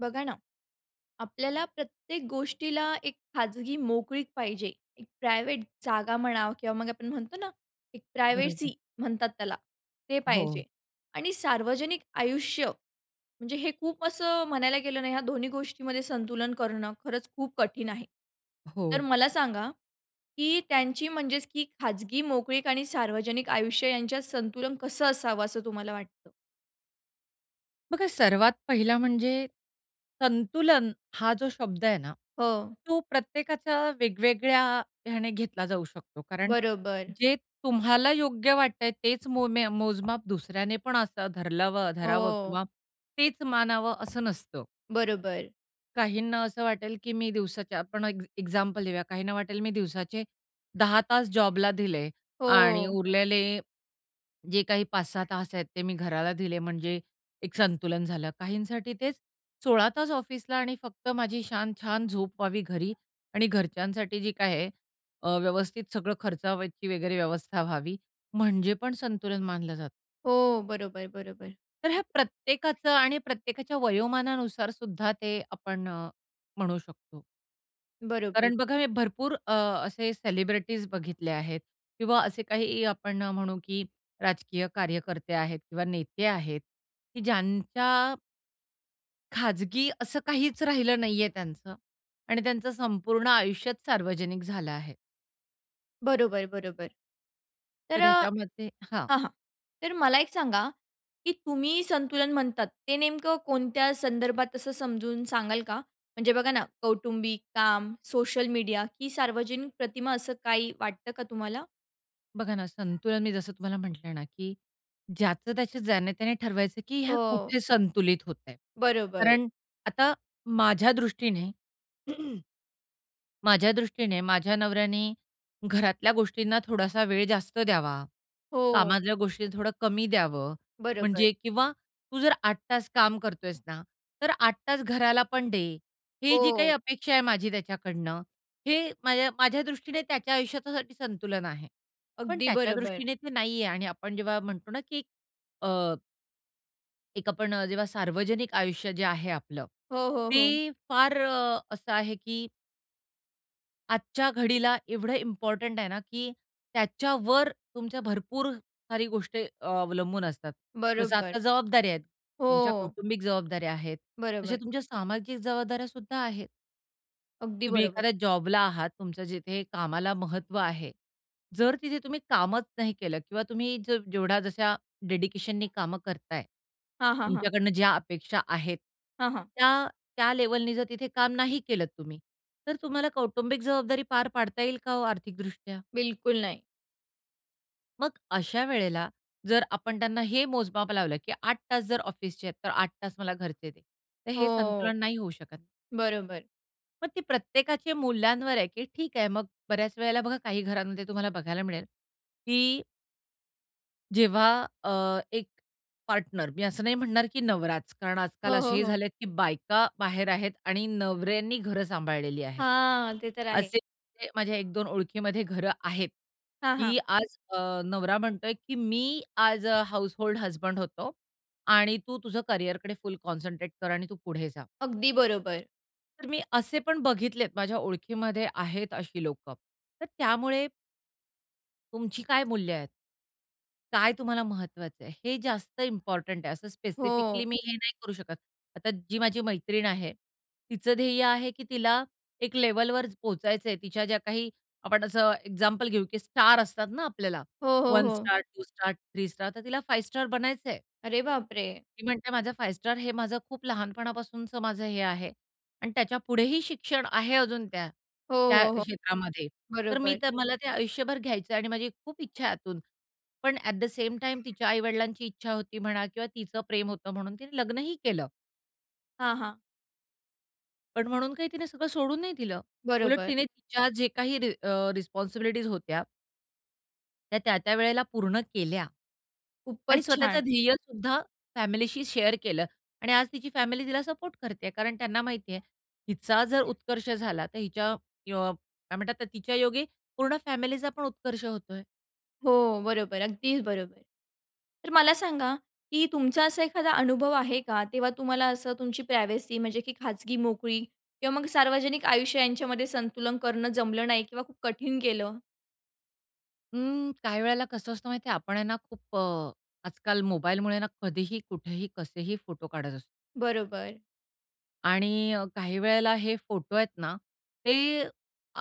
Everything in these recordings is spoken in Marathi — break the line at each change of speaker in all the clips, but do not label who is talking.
बघा ना, आपल्याला प्रत्येक गोष्टीला एक खाजगी मोकळीक पाहिजे. एक प्रायव्हेट जागा म्हणा किंवा मग आपण म्हणतो ना, एक
बरोबर.
प्रायव्हसी म्हणतात त्याला ते
हो.
पाहिजे आणि सार्वजनिक आयुष्य म्हणजे हे खूप असं म्हणायला गेलं नाही ह्या दोन्ही गोष्टींमध्ये संतुलन करणं, खरंच खूप कठीण आहे.
अ,
तर
हो.
मला सांगा, की त्यांची म्हणजेच की खाजगी मोकळीक आणि सार्वजनिक आयुष्य यांच्यात संतुलन कसं असावं असं तुम्हाला वाटतं?
बघा सर्वात पहिला म्हणजे संतुलन हा जो शब्द आहे ना,
हो.
तो प्रत्येकाच्या वेगवेगळ्या ह्याने घेतला जाऊ शकतो. कारण
बरोबर.
जे तुम्हाला योग्य वाटतं आहे, तेच मो म्या मोजमाप दुसऱ्याने पण असं धरलावं धरावं
हो.
किंवा तेच मानावं असं नसतं.
बरोबर.
काहींना असं वाटेल, की मी दिवसाच्या आपण एक एक्झाम्पल देऊया. काहींना वाटेल, मी दिवसाचे 10 तास जॉबला दिले आणि
हो.
उरलेले जे काही 5-6 तास आहेत ते मी घराला दिले, म्हणजे एक संतुलन झालं. काहींसाठी तेच 16 तास ऑफिसला आणि फक्त माझी छान-छान झोप व्हावी घरी आणि घरच्यांसाठी जी काय आहे अ, व्यवस्थित सगळं खर्चावायची वगैरे व्यवस्था व्हावी म्हणजे पण संतुलन मानलं जातं.
हो, बरोबर, बरोबर.
तर ह्या प्रत्येकाचं आणि प्रत्येकाच्या वयोमानानुसार सुद्धा ते आपण अ, म्हणू शकतो.
बरोबर.
कारण बघा हे भरपूर अ, असे सेलिब्रिटीज बघितले आहेत किंवा असे काही आपण म्हणू की राजकीय कार्यकर्ते आहेत किंवा नेते आहेत की ज्यांच्या खाजगी असं काहीच राहिलं नाहीये त्यांचं आणि त्यांचं संपूर्ण आयुष्याच सार्वजनिक झालं आहे.
बरोबर, बरोबर. तर
तर
अ,
ह्याच्यामध्ये हां.
हां, हां. तर मला एक सांगा की तुम्ही संतुलन म्हणतात ते नेमकं कोणत्या संदर्भात असं समजून सांगाल का? म्हणजे बघा ना कौटुंबिक काम, सोशल मीडिया की सार्वजनिक प्रतिमा, असं काही वाटतं का तुम्हाला?
बघा ना, संतुलन मी जसं तुम्हाला म्हंटल ना, की ज्याचं-त्याचं जाणे-त्याने ठरवायचं की ह्या
हो.
कुठे संतुलित होतय.
बरोबर.
कारण आता माझ्या दृष्टीने माझ्या दृष्टीने माझ्या नवऱ्याने घरातल्या गोष्टींना थोडासा वेळ जास्त द्यावा,
हो.
कामातल्या गोष्टी थोडं कमी द्यावं
बरोबर.
म्हणजे किंवा तू जर 8 तास काम करतोयेस ना, तर 8 तास घराला पण दे, ही जी काही
हो.
अपेक्षा आहे माझी त्याच्याकडून हे माझ्या माझ्या दृष्टीने त्याच्या आयुष्याच्यासाठी संतुलन आहे. पण
अगदी
त्याच्या
बरोबर.
दृष्टीने ते नाही आहे. आणि आपण जेव्हा म्हणतो ना की अ, एक आपण अ, जेव्हा सार्वजनिक आयुष्य जे आहे आपलं,
हो, हो,
ते
हो.
फार असं आहे की आजच्या घडीला एवढं इम्पॉर्टंट आहे ना की त्याच्यावर तुमच्या भरपूर साऱ्या गोष्टी अवलंबून असतात. जसं
बरोबर.
आता जबाबदाऱ्या आहेत, तुमच्या
हो.
कौटुंबिक जबाबदाऱ्या आहेत. तशा
बरोबर.
तुमच्या सामाजिक जबाबदाऱ्या सुद्धा आहेत.
अगदी
तुम्ही
बरोबर.
एखाद्या जॉबला आहात तुमच्या जिथे कामाला महत्व आहे. जर तिथे तुम्ही कामच नाही केलं किंवा तुम्ही जर जेवढ्या जशा डेडिकेशननी काम करताय,
हां, हां, हां.
तुमच्याकडनं ज्या अपेक्षा आहेत
हां, हां.
त्या, त्या लेव्हलनी जर तिथे काम नाही केलंत तुम्ही, तर तुम्हाला कौटुंबिक जबाबदारी पार पाडता येईल का हो आर्थिकदृष्ट्या?
बिलकुल नाही.
मगं अशा वेळेला जर आपण त्यांना हे मोजमाप लावलं की 8 तास जर ऑफिसचे आहेत तर 8 तास मला घरचे दे. तर हे
हो.
संतुलन नाही होऊ शकत.
बरोबर.
मग ती प्रत्येकाचे मूल्यांवर आहे की ठीक आहे, मगं बऱ्याच वेळेला बघा काही घरांमध्ये तुम्हाला बघायला मिळेल. की जेव्हा अ, एक पार्टनर मी असं नाही म्हणणार की नवराच कारण आजकाल
हो, हो,
असेही
हो.
झालेत की बायका बाहेर आहेत आणि नवऱ्यांनी घर सांभाळलेली आहेत.
हां ते तर आहे.
असे [unintelligible] माझ्या एक दोन ओळखीमध्ये घरं आहेत,
हां, हां.
की आज अ, नवरा म्हणतोय की मी आज अ, हाउसहोल्ड हसबंड होतो आणि तू तुझं करियरकडे फुल कॉन्संट्रेट कर आणि तू पुढे जा.
अगदी बरोबर.
तर मी असे पण बघितलेत माझ्या ओळखीमध्ये आहेत अशी लोकं. तर त्यामुळे तुमची काय मूल्य आहेत? काय तुम्हाला महत्वाचं आहे हे जास्त इम्पोर्टंट आहे. असं स्पेसिफिकली
हो.
मी हे नाही करू शकत. आता जी माझी मैत्रीण आहे, तिचं ध्येय आहे, की तिला एक लेव्हलवर पोहचायचंय तिच्या ज्या काही, आपण असं एक्झाम्पल घेऊ, की स्टार असतात ना आपल्याला
हो, हो,
1
हो.
स्टार, 2 स्टार, 3 स्टार तर तिला 5 स्टार बनायचंय.
अरे बाप रे!
ती म्हणते माझं 5 स्टार हे माझं खूप लहानपणापासूनचं माझं हे आहे आणि त्याच्यापुढेही शिक्षण आहे, अजून त्या
हो,
त्या
हो, हो.
क्षेत्रामध्ये. तर मी
बरोबर.
तर मला ते आयुष्यभर घ्यायचं आणि माझी खूप इच्छा आहे आतून. पण ॲट द सेम टाईम तिच्या आई वडिलांची इच्छा होती म्हणा किंवा तिचं प्रेम होतं म्हणून तिने लग्नही केलं.
हां, हां.
पण म्हणून काही तिने सगळं सोडून नाही दिलं. उलट
बरोबर.
तिने तिच्या जे काही अ, रिस्पॉन्सिबिलिटीज होत्या. त्या, त्या-त्या वेळेला पूर्ण केल्या आणि
खूपच
स्वतःचं
छान!
ध्येयसुद्धा फॅमिलीशी शेअर केलं आणि आज तिची फॅमिली तिला सपोर्ट करतेय. कारण त्यांना माहिती आहे हिचा जर उत्कर्ष झाला, तर हिच्या अ, काय म्हणतात? तिच्या योगे पूर्ण फॅमिलीचा पण उत्कर्ष होतोय.
हो, बरोबर. अगदीच बरोबर. तर मला सांगा, की तुमचा असा एखादा अनुभव आहे का तेव्हा तुम्हाला असं तुमची प्रायव्हसी म्हणजे की खाजगी मोकळी किंवा मग सार्वजनिक आयुष्य यांच्यामध्ये संतुलन करणं जमलं नाही किंवा खूप कठीण गेलं?
हं, काही वेळेला कसं असतं माहित आहे? आपण आहे ना, खूप अ, आजकाल मोबाईलमुळे ना कधीही, कुठेही, कसेही फोटो काढत असतो.
बरोबर.
आणि अ, काही वेळेला हे फोटो आहेत ना, ते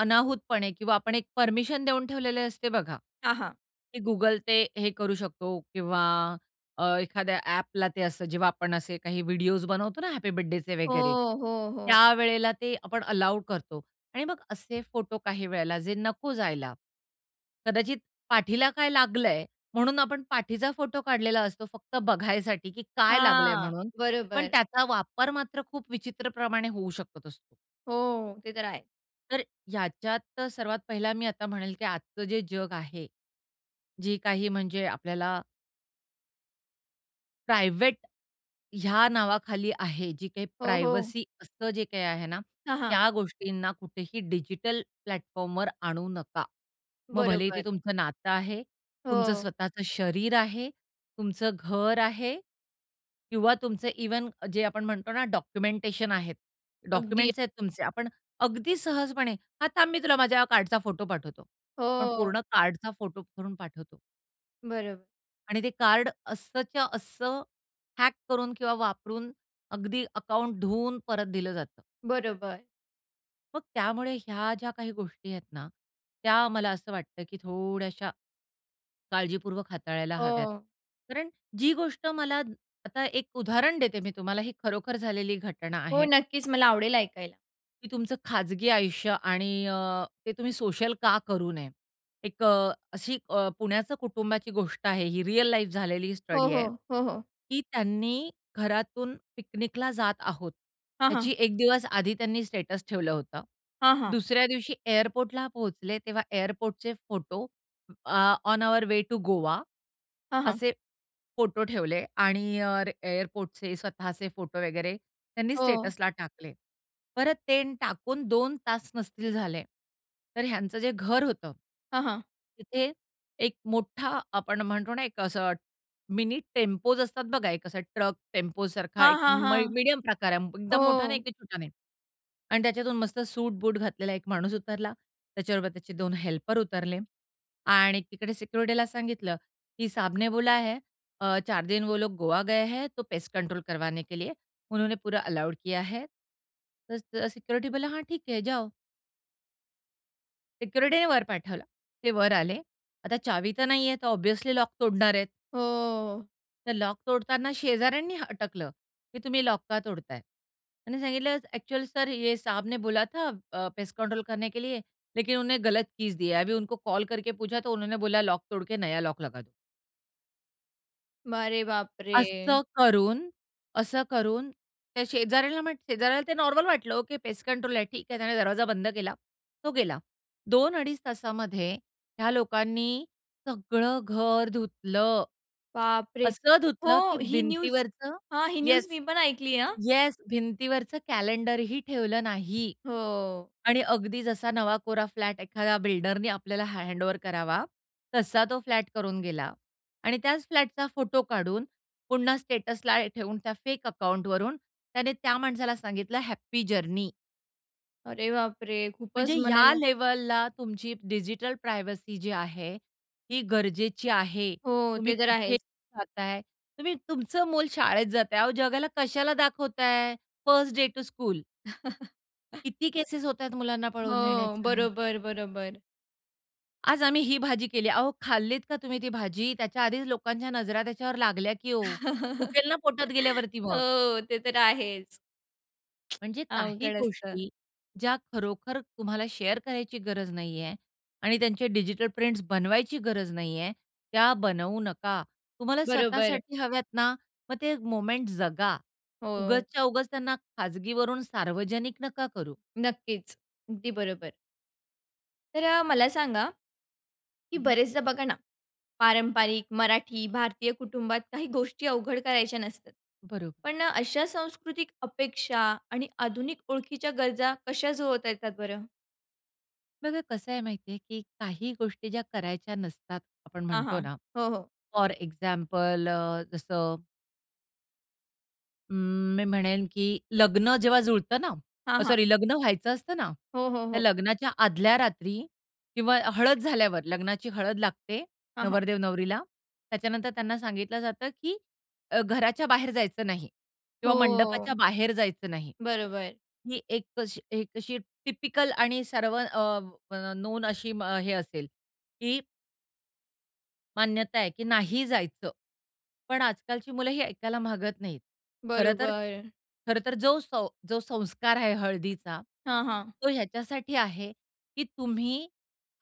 अनाहूतपणे किंवा आपण एक परमिशन देऊन ठेवलेले असते बघा,
हां, हां.
की गुगल ते हे करू शकतो किंवा अ, एखाद्या ॲपला ते असतं. जेव्हा आपण असे काही व्हिडिओज बनवतो ना हॅपी बर्थडेचे वगैरे
हो, हो, हो.
त्यावेळेला ते आपण अलाऊ करतो आणि मग असे फोटो काही वेळेला जे नको जायला. कदाचित पाठीला काय लागलं आहे, म्हणून आपण पाठीचा फोटो काढलेला असतो, फक्त बघायसाठी, की काय लागलं आहे
हां,
म्हणून. पण
बरोबर.
त्याचा वापर मात्र खूप विचित्रप्रमाणे होऊ शकत असतो.
हो, हो, ते तर आहे.
तर ह्याच्यात अ, सर्वात पहिला मी आता म्हणेल, की आजचं जे जग आहे, जे काही म्हणजे आपल्याला प्रायव्हेट, ह्या नावाखाली आहे जी काही
हो, हो.
प्रायव्हसी असतं जे काही आहे ना,
हां, हां.
त्या गोष्टींना कुठेही डिजिटल प्लॅटफॉर्मवर आणू नका. मग भलेही ते
बरोबर.
तुमचं नातं आहे. तुमचं
हो.
स्वतःचं शरीर आहे. तुमचं घर आहे किंवा तुमचे इव्हन जे आपण म्हणतो ना डॉक्युमेंटेशन आहेत.
अगदी.
डॉक्युमेंट्स आहेत तुमचे आपण अगदी सहजपणे, "हां, थांब मी तुला माझ्या हा कार्डचा फोटो पाठवतो." पण
हो.
पूर्ण कार्डचा फोटो करून पाठवतो.
बरोब
आणि ते कार्ड असंच्या असं हॅक करून किंवा वापरून अगदी अकाउंट धुवून परत दिलं जातं.
बरोबर.
मग त्यामुळे ह्या ज्या काही गोष्टी आहेत ना, त्या मला असं वाटतं, की थोड्याश्या काळजीपूर्वक हाताळायला हव्यात.
हो.
कारण जी गोष्ट मला आता एक उदाहरण देते मी तुम्हाला. ही खरोखर झालेली घटना
हो,
आहे.
नक्कीच, मला आवडेल ऐकायला.
की तुमचं खाजगी आयुष्य आणि अ, ते तुम्ही सोशल का करू नये. एक अ, अशी अ, पुण्याचं कुटुंबाची गोष्ट आहे. ही रिअल लाईफ झालेली ही
हो,
स्टडी
हो.
आहे,
हो, हो.
की त्यांनी घरातून पिकनिकला जात आहोत.
हां, हां.
याची एक दिवस आधी त्यांनी स्टेटस ठेवलं होतं.
हां, हां
दुसऱ्या दिवशी एअरपोर्टला पोहोचले, तेव्हा एअरपोर्टचे photo uh, on our way to Goa
हां, हां.
असे फोटो ठेवले. आणि अ, एअरपोर्टचे स्वतःचे फोटो वगैरे त्यांनी
हो.
स्टेटसला टाकले. परत ते टाकून 2 तास नसतील झाले, तर ह्यांचं जे घर होतं.
हां, हां.
तिथे, एक मोठा आपण म्हणतो ना, एक असं मिनी टेम्पोज असतात बघा, एक असा ट्रक टेम्पोसारखा
हां,
एक
हां,
मय
हां.
मीडियम प्रकार, एकदम मोठा नाही,
हो.
की छोटा नाही आणि त्याच्यातून मस्त सूट बूट घातलेला एक माणूस उतरला. त्याच्याबरोबर त्याचे 2 हेल्पर उतरले आणि तिकडे सिक्युरिटीला सांगितलं, की साहब ने बोला है, अ, 4 दिन वो लोग गोवा गए है, तो पेस्ट कंट्रोल करवाने के लिए उन्होंने पूरा अलाऊड किया है. तर स सिक्युरिटी बोलला हां, ठीक है जाओ. सिक्युरिटीने वर पाठवला. ते वर आले. आता चावी तर नाही आहे. तर ऑब्व्हियसली लॉक तोडणार आहेत.
हो.
तर लॉक तोडताना शेजाऱ्यांनी हटकलं, की तुम्ही लॉक का तोडत आहे? त्यांनी सांगितलं, "अ‍ॅक्चुअली सर ये साहब ने बोला था अ, पेस्ट कंट्रोल करने के लिए, लेकिन उन्होंने गलत कीज दिया है, अभी उनको कॉल करके पूछा, तो उन्होंने बोला लॉक तोडके नया लॉक लगा दो."
अरे बापरे!
असं करून, असं करून त्या शेजाऱ्याला म शेजाऱ्याला ते नॉर्मल वाटलं, ओके. पेस्ट कंट्रोल आहे ठीक आहे त्याने दरवाजा बंद केला. तो गेला. 2 अडीच तासामध्ये ह्या लोकांनी, सगळं घर धुतलं.
बापरे!
असं धुतलं की
हो. ही न्यूज
भिंतीवरचं
हां, ही न्यूज
येस,
मी पण ऐकली आहे. हां.
येस भिंतीवरचं कॅलेंडर ही ठेवलं नाही.
हो.
आणि अगदी जसा नवा कोरा फ्लॅट एखाद्या बिल्डरनी आपल्याला हँडओव्हर करावा तसा तो फ्लॅट करून गेला आणि त्याच फ्लॅटचा फोटो काढून, पुन्हा स्टेटसला ठेवून, त्या फेक अकाउंटवरून त्याने त्या माणसाला सांगितलं हॅपी जर्नी.
अरे बापरे!
म्हणजे
खूपच
ह्या
म्हणायला.
लेव्हलला तुमची डिजिटल प्रायव्हसी जी आहे ती गरजेची आहे.
हो.
तुम्ही
ते तर
कुठे
आहेच.
जाताय? तुम्ही तुमचं मुल शाळेत जात आहे. अहो, जगाला कशाला दाखवताय फर्स्ट डे टू स्कूल? किती केसेस होत आहे मुलांना पळवून
हो.
नेण्याच्या?
बरोबर, बरोबर.
आज आम्ही ही भाजी केली. अहो, खाल्लीत का तुम्ही ती भाजी? त्याच्या आधीच लोकांच्या नजरा त्याच्यावर लागल्या, की ओ.
हो,
दुखेल ना पोटात गेल्यावरती मग.
ते तर आहेच.
म्हणजे काही
अवघड असतं.
गोष्टी ज्या खरोखर तुम्हाला शेअर करायची गरज नाही आहे आणि त्यांचे डिजिटल प्रिंट्स बनवायची गरज नाही आहे, त्या बनवू नका. तुम्हाला
बरोबर.
स्वतःसाठी हव्यात ना, मग ते मोमेंट जगा.
हो.
उगाचच्या उगाच त्यांना खाजगीवरून सार्वजनिक नका करू.
नक्कीच. अगदी बरोबर. तर अ, मला सांगा, की
हं, हं.
बरेचदा बघा ना, पारंपरिक मराठी भारतीय कुटुंबात काही गोष्टी अवघड करायच्या नसतात.
बरोब
पण अशा सांस्कृतिक अपेक्षा आणि आधुनिक ओळखीच्या गरजा कशा जुळवता येतात बरं?
बघा कसं आहे माहिती आहे, की काही गोष्टी ज्या करायच्या नसतात, आपण
हां,
म्हणतो
हां.
ना
हो, हो.
फॉर एक्झाम्पल अ, जसं अं, मी म्हणेन, की लग्न जेव्हा जुळतं ना,
हां,
अ,
हां.
सॉरी लग्न व्हायचं असतं ना,
हो, हो,
त्या
हो.
लग्नाच्या आदल्या रात्री किंवा हळद झाल्यावर लग्नाची हळद लागते
हां, हां.
नवरदेव नवरीला, त्याच्यानंतर त्यांना सांगितलं जातं, की अ, घराच्या बाहेर जायचं नाही किंवा मंडपाच्या
हो.
बाहेर जायचं नाही.
बरोबर.
ही एक अशी एक अशी टिपिकल आणि सर्व अ, म नोन अशी मग हे असेल, की मान्यता आहे, की नाही जायचं. पण आजकालची मुलं ही ऐकायला मागत नाहीत. खरं तर
बरोबर.
खरं तर जो सौ जो संस्कार आहे हळदीचा.
हां, हां.
तो ह्याच्यासाठी आहे, की तुम्ही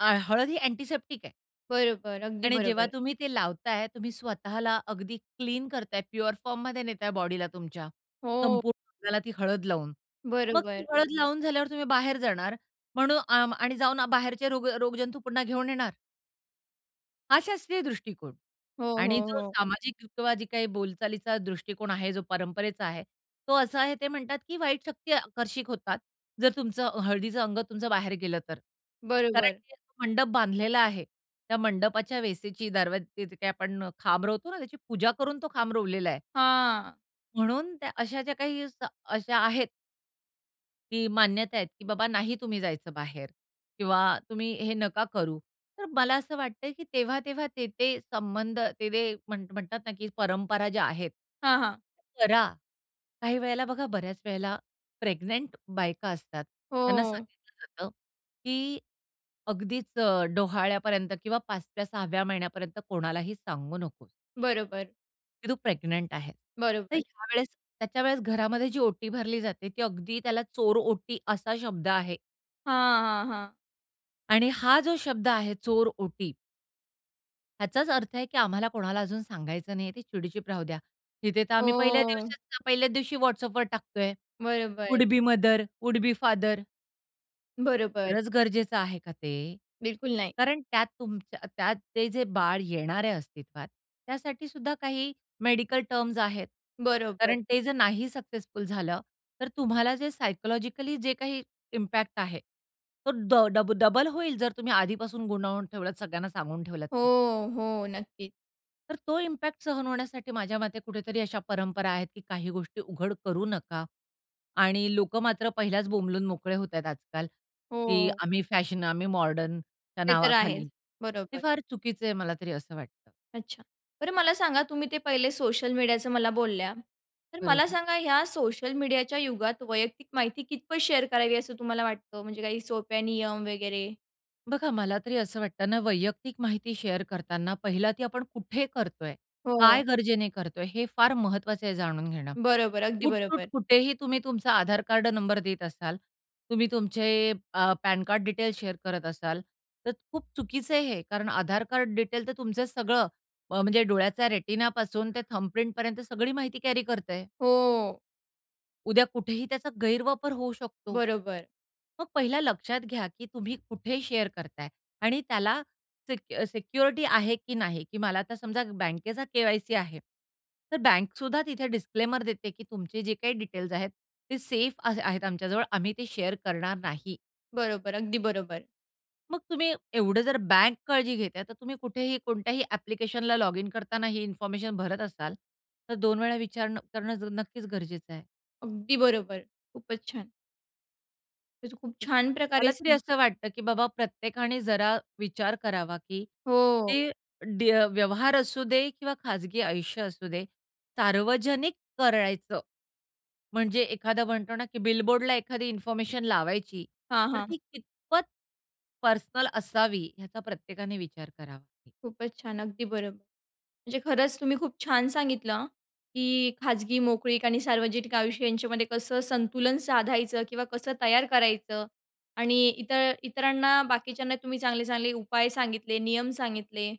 अ, हळद ही अँटिसेप्टिक आहे.
बरोबर, अगदी
आणि जेव्हा
बरोबर.
तुम्ही ते लावताय. तुम्ही स्वतःला अगदी क्लीन करत आहे. प्युअर फॉर्ममध्ये नेत आहे बॉडीला तुमच्या
हो.
संपूर्ण अंगाला ती हळद लावून. मग ती
बरोबर.
हळद लावून झाल्यावर तुम्ही बाहेर जाणार म्हणून अ, आणि जाऊन अ, बाहेरचे रोग रोगजंतू पुन्हा घेऊन येणार. हा शास्त्रीय दृष्टिकोन
हो,
आणि
हो,
जो
हो.
सामाजिक [unintelligible] जी काही बोलचालीचा दृष्टिकोन आहे, जो परंपरेचा आहे. तो असा आहे, ते म्हणतात, की वाईट शक्ती आकर्षित होतात. जर तुमचं हळदीचं अंग तुमचं बाहेर गेलं तर कारण
बरोबर.
ते मंडप बांधलेला आहे. त्या मंडपाच्या वेसेची दरवाजेच्या तिथे काय आपण खांब रोवतो ना, त्याची पूजा करून तो खांब रोवलेला आहे.
हां.
म्हणून त्या अशा ज्या काही स अशा आहेत की मान्यता आहेत, की बाबा नाही तुम्ही जायचं बाहेर किंवा तुम्ही हे नका करू. तर मला असं वाटतं, की तेव्हा-तेव्हा ते-ते संबंध ते-ते म्हण म्हणतात ना, की परंपरा ज्या आहेत.
हां, हां.
करा. काही वेळेला बघा, बऱ्याच वेळेला प्रेग्नंट बायका असतात, त्यांना
हो.
सांगितलं जातं, की अगदीच अ, डोहाळ्यापर्यंत किंवा 5व्या 6व्या महिन्यापर्यंत कोणालाही सांगू नको.
बरोबर.
की तू प्रेग्नंट आहेस. तर
बरोबर.
ह्यावेळेस, त्याच्या वेळेस घरामध्ये जी ओटी भरली जाते, ती अगदी त्याला चोरओटी असा शब्द आहे.
हां, हां, हां.
आणि हा जो शब्द आहे चोरओटी ह्याचाच अर्थ आहे, की आम्हाला कोणाला अजून सांगायचं नाही आहे, ती चिडीचूप राहू द्या. तिथे तर आम्ही पहिल्या
हो.
दिवशी पहिल्याच दिवशी WhatsAppवर टाकत आहे.
बरोबर.
Would be mother, would be father.
बरोबर.
खरंच गरजेचं आहे का ते?
बिलकुल नाही.
कारण त्यात तुमच्या त्यात ते जे बाळ येणार आहे अस्तित्वात, त्यासाठीसुद्धा काही, मेडीकल टर्म्स आहेत.
बरोबर.
कारण ते जर नाही सक्सेसफुल झालं, तर तुम्हाला जे सायकॉलॉजिकली जे काही इम्पॅक्ट आहे, तो ड डब डबल होईल. जर तुम्ही आधीपासून गुंतवून ठेवलत सगळ्यांना सांगून ठेवलात तर.
हो, हो. नक्कीच.
तर तो इम्पॅक्ट सहन होण्यासाठी माझ्या मते कुठेतरी अशा परंपरा आहेत, की काही गोष्टी उघड करू नका आणि लोकं मात्र पहिल्याच बोंबलून मोकळे होत आहे आजकाल की
हो.
आम्ही फॅशन, आम्ही मॉडर्नच्या
ते तर आहेच.
नावाखाली हे
बरोबर.
फार चुकीचं आहे, मला तरी असं वाटतं.
अच्छा. बरं मला सांगा तुम्ही ते पहिले सोशल मीडियाचं मला बोलल्या, तर मला
बरोबर.
सांगा ह्या सोशल मीडियाच्या युगात वैयक्तिक माहिती कितपत शेअर करावी, असं तुम्हाला वाटतं म्हणजे काही सोप्या नियम वगैरे?
बघा मला तरी असं वाटतं ना, वैयक्तिक माहिती शेअर करताना पहिला ती आपण कुठे करतो आहे? काय
हो.
गरजेने करतो आहे? हे फार महत्वाचं आहे जाणून घेणं.
बरोबर. अगदी
उठसूट
बरोबर.
कुठेही तुम्ही तुमचा आधार कार्ड नंबर देत असाल, तुम्ही तुमचे अ, पॅन कार्ड डिटेल्स शेअर करत असाल, तर खूप चुकीचं आहे हे. कारण आधार कार्ड डिटेल तर तुमचं सगळं अ, म्हणजे डोळ्याचा रेटिनापासून ते थंब प्रिंटपर्यंत सगळी माहिती कॅरी करतं आहे.
हो.
उद्या कुठेही त्याचा गैरवापर होऊ शकतो.
बरोबर.
मग पहिला लक्षात घ्या, की तुम्ही कुठे शेअर करता आहे? आणि त्याला सिक अ, सिक्युरिटी आहे, की नाही? की मला आता समजा बँकेचा के-वाय-सी आहे. तर बँकसुद्धा तिथे डिस्क्लेमर देते, की तुमचे जे काही डिटेल्स आहेत ते सेफ अ, आ आहेत आमच्याजवळ, आम्ही ते शेअर करणार नाही.
बरोबर. अगदी बरोबर.
मग तुम्ही एवढं जर बँक काळजी घेतं आहे. तर तुम्ही कुठेही, कोणत्याही ॲप्लिकेशनला लॉगिन करताना ही इन्फॉर्मेशन भरत असाल. तर दोन वेळा विचारनं करणं नक्कीचं गरजेचं आहे.
अगदी बरोबर. खूपचं छान. तर खूप
तर
छान प्रकारे
मला तरी
सांग
असं वाटतं, की बाबा प्रत्येकाने जरा विचार करावा, की
हो.
ती ड्य व्यवहार असू दे किंवा खाजगी आयुष्य असू दे, सार्वजनिक करायचं. म्हणजे एखादा म्हणतो ना, की बिलबोर्डला एखादी इन्फॉर्मेशन लावायची.
हां,
तर
हां.
ती कितपत, पर्सनल असावी. याचा प्रत्येकाने विचार करावा.
खूपचं छान. अगदी बरोब म्हणजे खरंचं तुम्ही खूप छान सांगितलं, की खाजगी मोकळीक आणि सार्वजनिक आयुष्य यांच्यामध्ये कसं संतुलन साधायचं? किंवा कसं तयार करायचं? आणि इतर इतरांना बाकीच्यांना तुम्ही चांगले, चांगले उपाय सांगितले, नियम सांगितले.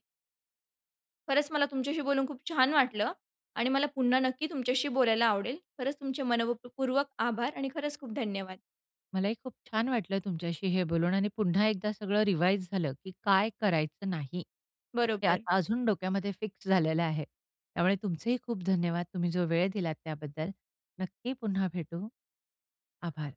खरंचं मला तुमच्याशी बोलून खूप छान वाटलं. आणि मला पुन्हा नक्की तुमच्याशी बोलायला आवडेल. खरंच तुमचे मनःपूर्वक आभार. आणि खरंच खूप धन्यवाद.
मलाही खूप छान वाटलं तुमच्याशी हे बोलून. आणि पुन्हा एकदा सगळं रिवाइज झालं, की काय करायचं नाही? हे
बरोबर.
आता अजून डोक्यामध्ये फिक्स झालेलं आहे. त्यामुळे तुमचेही खूप धन्यवाद. तुम्ही जो वेळ दिलात त्याबद्दल. नक्की पुन्हा भेटू. आभार.